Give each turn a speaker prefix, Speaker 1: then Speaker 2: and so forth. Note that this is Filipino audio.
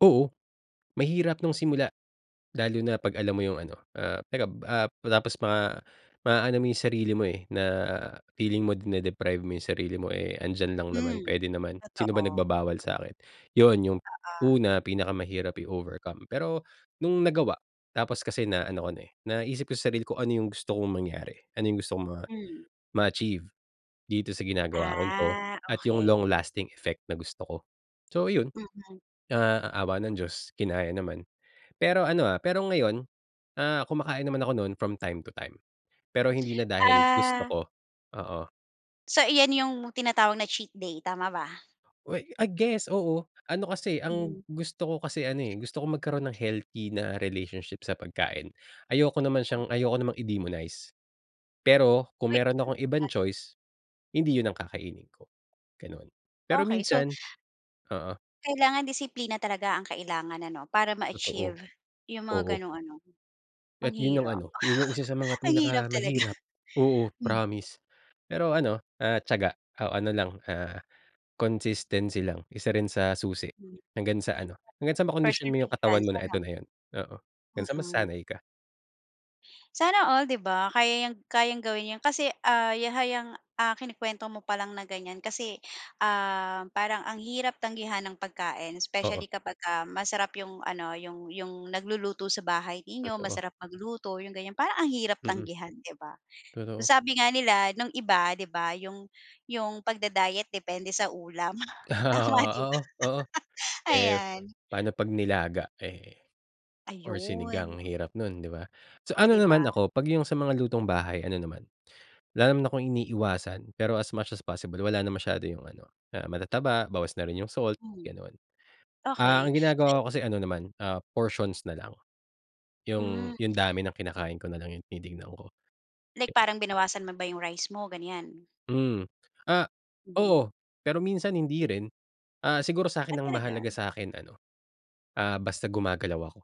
Speaker 1: Oo, mahirap nung simula, lalo na kapag alam mo 'yung ano, ah, teka, ah, tapos ma ma aano mo 'yung sarili mo eh, na feeling mo dine-deprive mo ,yung sarili mo eh, andiyan lang naman,
Speaker 2: Hmm,
Speaker 1: puwede naman, "Sino ba
Speaker 2: totoo.
Speaker 1: nagbabawal sakin?" 'Yon 'yung,
Speaker 2: Oo.
Speaker 1: una pinakamahirap i-overcome pero, nung nagawa tapos kasi na ano ko na eh, naisip ko sa sarili ko kung ano 'yung gusto kong mangyari, ano ,yung gusto kong ma
Speaker 2: Hmm.
Speaker 1: ma-achieve, dito sa ginagawa kong ito,
Speaker 2: Ah,
Speaker 1: at 'yung
Speaker 2: okey.
Speaker 1: long lasting effect na gusto ko, so iyon.
Speaker 2: Mm.
Speaker 1: Ah, awa ng Diyos kinaya naman, pero ano, ah, pero ngayon, ah, kumakain naman ako nu'n from time to time, pero hindi na dahil gusto
Speaker 2: Ah.
Speaker 1: ko, oo.
Speaker 2: So iyan 'yung tinatawag na cheat day, tama ba?
Speaker 1: Well i guess oo, ano kasi
Speaker 2: Mhm.
Speaker 1: ang gusto ko kasi ano eh, gusto ko magkaroon ng healthy na relationship sa pagkain. Ayoko naman siyang, ayoko namang i-demonize. Pero kung
Speaker 2: Uy
Speaker 1: meron akong ibang
Speaker 2: [unintelligible]
Speaker 1: choice, hindi iyun ang kakainin ko, ganon, pero
Speaker 2: Okey so
Speaker 1: minsan oo.
Speaker 2: Kailangan disiplina talaga ang kailangan ano, para
Speaker 1: Totoo.
Speaker 2: ma-achieve, 'yung mga
Speaker 1: Oo.
Speaker 2: ganung ano ang
Speaker 1: At iyun ang
Speaker 2: hirap.
Speaker 1: ano, iyun 'yung 1 sa mga
Speaker 2: Ang hirap talaga.
Speaker 1: pinakamahirap, oo,
Speaker 2: Hmm.
Speaker 1: promise, pero ano, ah, tiyaga o ano lang, ah, consistency lang. 1 rin sa susi, hanggang sa ano hanggang sa makondisyon mo 'yung katawan
Speaker 2: Perseverance
Speaker 1: mo na
Speaker 2: ano?
Speaker 1: eto na iyun, oo, hanggang sa
Speaker 2: Mm.
Speaker 1: masanay ka.
Speaker 2: Sana all 'di ba, kaya 'yang kayang gawin iyun kasi, ah, ya hay 'yang kinikwento mo palang na ganiyan kasi, um, parang ang hirap tanggihan ng pagkain specially
Speaker 1: Oo.
Speaker 2: kapag ka masarap 'yung ano, 'yung 'yung nagluluto sa bahay ninyo,
Speaker 1: Totoo.
Speaker 2: masarap magluto 'yung ganiyan, parang ang hirap
Speaker 1: Mm.
Speaker 2: tanggihan 'di ba?
Speaker 1: Totoo.
Speaker 2: Sabi nga nila nung iba di ba 'yung 'yung pag-da-diet depende sa ulam tama 'di ba?
Speaker 1: Ah, oo, oo. Eh,
Speaker 2: Ayan.
Speaker 1: paano kapag nilaga eh, or
Speaker 2: Ayun.
Speaker 1: sinigang, hirap nu'n diba? So
Speaker 2: Oh,
Speaker 1: ano
Speaker 2: 'di
Speaker 1: naman
Speaker 2: ba?
Speaker 1: ako kapag 'yung sa mga lutong bahay, ano naman, wala naman akong iniiwasan pero as much as possible wala na masyado 'yung ano, ah, matataba, bawas na rin ,yung salt,
Speaker 2: Hmm.
Speaker 1: ganon. Ah,
Speaker 2: Okey
Speaker 1: ang
Speaker 2: eh
Speaker 1: ginagawa ko kasi ano naman, ah, portions nalang. 'Yung
Speaker 2: Hmm.
Speaker 1: 'yung dami ng kinakain ko nalang 'yung tinitignan ko.
Speaker 2: Like parang binawasan mo ba 'yung rice mo, ganiyan?
Speaker 1: Hmm, ah,
Speaker 2: Mhm.
Speaker 1: oo, pero minsan hindi rin. Ah, siguro sa'kin
Speaker 2: Ah,
Speaker 1: ang mahalaga
Speaker 2: talaga?
Speaker 1: sa'kin ano, ah, basta gumagalaw ako.